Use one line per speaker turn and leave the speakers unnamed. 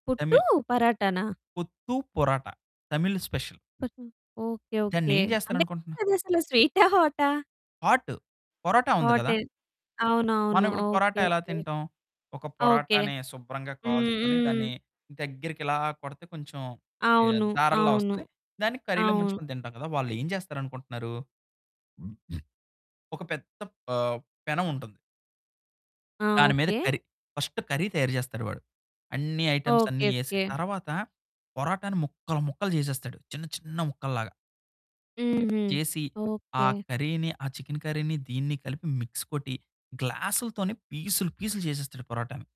పుట్టు
తమిళ్
పరాటానా?
పుత్తు పరాట. తమిళ్ స్పెషల్.
పట్నం. ఓకే. ఓకే.
దాన్నేం
అంటే
చేస్తాననుకుంటున్నావు?
అదసలు స్వీటా? హాటా?
హాటు. పరోటా ఉంది గదా!
హాటే. అవునవును.
మనమిప్పుడు
ఓకే,
పరాటా ఎలా
ఓకే,
తింటాం? ఒక
ఓకే.
పరాటాని శుభ్రంగా
హ్మ్,
కాల్చుకొని, దాన్ని
హ్మ్.
దగ్గరికి ఇలా కొడితే కొంచెం ఏ
అవును,
దారల్లా
అవును,
వస్తది. దాన్ని కర్రీ‌లో
అవును.
ముంచుకొని తింటాం కదా! వాళ్ళేం జేస్తారనుకుంటున్నారు. ఒక పెద్ద ఆహ్, పెనముంటుంది.
ఆ!
దాని మీద
ఓకే.
కర్రీ. ఫస్టు కర్రీ తయారు చేస్తాడు వాడు. అన్ని ఐటెమ్సన్ని
ఓకే,
ఏసిన
ఓకే.
తర్వాత పరాటాని ముక్కలు, ముక్కలు చేసేస్తాడు. చిన్న చిన్న ముక్కల్లాగా.
హుహు.
చేసి ఆ
ఓకే.
కర్రీ‌ని ఆ చికెన్ కర్రీని, దీన్ని కలిపి మిక్స్ కొట్టి గ్లాసు‌ల్తోని పీసులు, పీసులు చేసేస్తాడు పరాటాని.